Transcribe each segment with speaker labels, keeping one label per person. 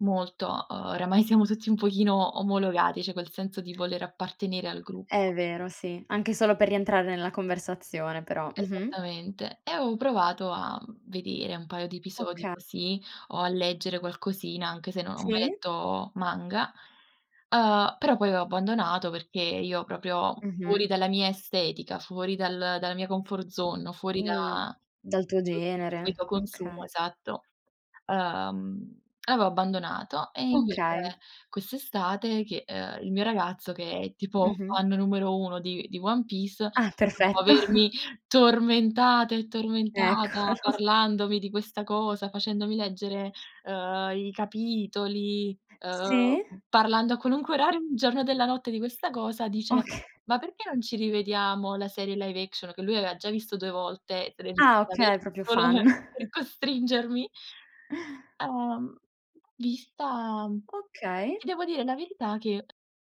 Speaker 1: Molto. Uhm, oramai siamo tutti un pochino omologati, cioè quel senso di voler appartenere al gruppo.
Speaker 2: È vero, sì. Anche solo per rientrare nella conversazione però, mh-mh.
Speaker 1: Esattamente. E ho provato a, mhmm, vedere un paio di episodi
Speaker 2: Okay.
Speaker 1: così o a leggere qualcosina, anche se non ho mai
Speaker 2: Sì.
Speaker 1: letto manga, uhm, però poi ho abbandonato perché io proprio fuori
Speaker 2: Mh-mh.
Speaker 1: dalla mia estetica, fuori dal dalla mia comfort zone, o fuori da
Speaker 2: Mh, dal tuo
Speaker 1: prodotti che di
Speaker 2: genere.
Speaker 1: solito consumo
Speaker 2: Okay.
Speaker 1: esatto. Uhm, avevo abbandonato e invece
Speaker 2: Okay.
Speaker 1: quest'estate che, uhm, il mio ragazzo, che è tipo
Speaker 2: Mh-mh.
Speaker 1: fan numero 1 di di One Piece,
Speaker 2: Ah,
Speaker 1: dopo
Speaker 2: perfetto.
Speaker 1: avermi tormentata e tormentata
Speaker 2: Eccolo.
Speaker 1: parlandomi di questa cosa, facendomi leggere, uhm, i capitoli,
Speaker 2: Sì.
Speaker 1: uhm, parlando a qualunque orario del giorno e della notte di questa cosa, dice:
Speaker 2: Okay.
Speaker 1: “Ma perché non ci rivediamo la serie live action", che lui aveva già visto 2 volte, se l'è
Speaker 2: Ah
Speaker 1: rivista
Speaker 2: okay,
Speaker 1: adesso
Speaker 2: proprio
Speaker 1: solo
Speaker 2: fan.
Speaker 1: per costringermi. Uhm, vista, mhmm,
Speaker 2: Okay.
Speaker 1: ti devo dire la verità che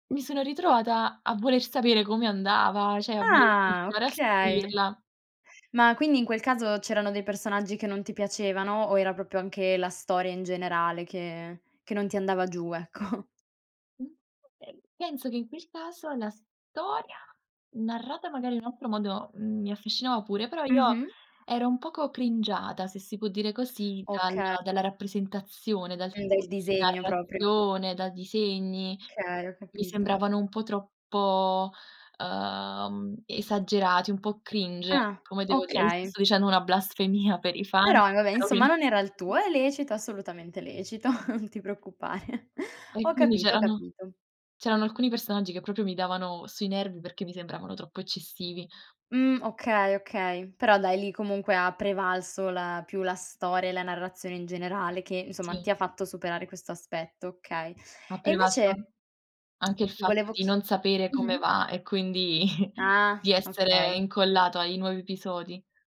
Speaker 1: mi sono ritrovata a voler sapere come andava, cioè [unintelligible]
Speaker 2: Ah!
Speaker 1: continuare a
Speaker 2: Okay.
Speaker 1: seguirla.
Speaker 2: Ma quindi in quel caso c'erano dei personaggi che non ti piacevano, o era proprio anche la storia in generale che che non ti andava giù, ecco?
Speaker 1: Mh, eh, penso che in quel caso la storia narrata magari in un altro modo, mhmm, mi affascinava pure, però io
Speaker 2: Mh-mh.
Speaker 1: ero un poco cringiata, se si può dire così, dalla
Speaker 2: Okay.
Speaker 1: dalla rappresentazione, dal tipo
Speaker 2: Del
Speaker 1: di
Speaker 2: disegno proprio.
Speaker 1: narrazione, dai disegni.
Speaker 2: Okay, ho
Speaker 1: Mi
Speaker 2: capito.
Speaker 1: sembravano un po' troppo, ehm, esagerati, un po' cringe,
Speaker 2: Ah,
Speaker 1: come devo dire, io
Speaker 2: okay.
Speaker 1: sto dicendo una blasfemia per i fan,
Speaker 2: Però, va beh,
Speaker 1: però
Speaker 2: insomma,
Speaker 1: ovviame
Speaker 2: non era il tuo, è lecito, assolutamente lecito, non ti preoccupare.
Speaker 1: E
Speaker 2: Ho
Speaker 1: quindi
Speaker 2: capito ho
Speaker 1: c'erano
Speaker 2: capito.
Speaker 1: c'erano alcuni personaggi che proprio mi davano sui nervi perché mi sembravano troppo eccessivi.
Speaker 2: Mh, okay, okay. Però dai, lì comunque ha prevalso la più la storia e la narrazione in generale che, insomma,
Speaker 1: Sì.
Speaker 2: ti ha fatto superare questo aspetto, okay.
Speaker 1: Ha
Speaker 2: E
Speaker 1: prevalso an anche
Speaker 2: invece
Speaker 1: anche il
Speaker 2: ti
Speaker 1: fatto
Speaker 2: volevo
Speaker 1: di
Speaker 2: chi
Speaker 1: non sapere come
Speaker 2: mh-mh.
Speaker 1: va e quindi
Speaker 2: Ah,
Speaker 1: di essere
Speaker 2: okay.
Speaker 1: incollato ai nuovi episodi.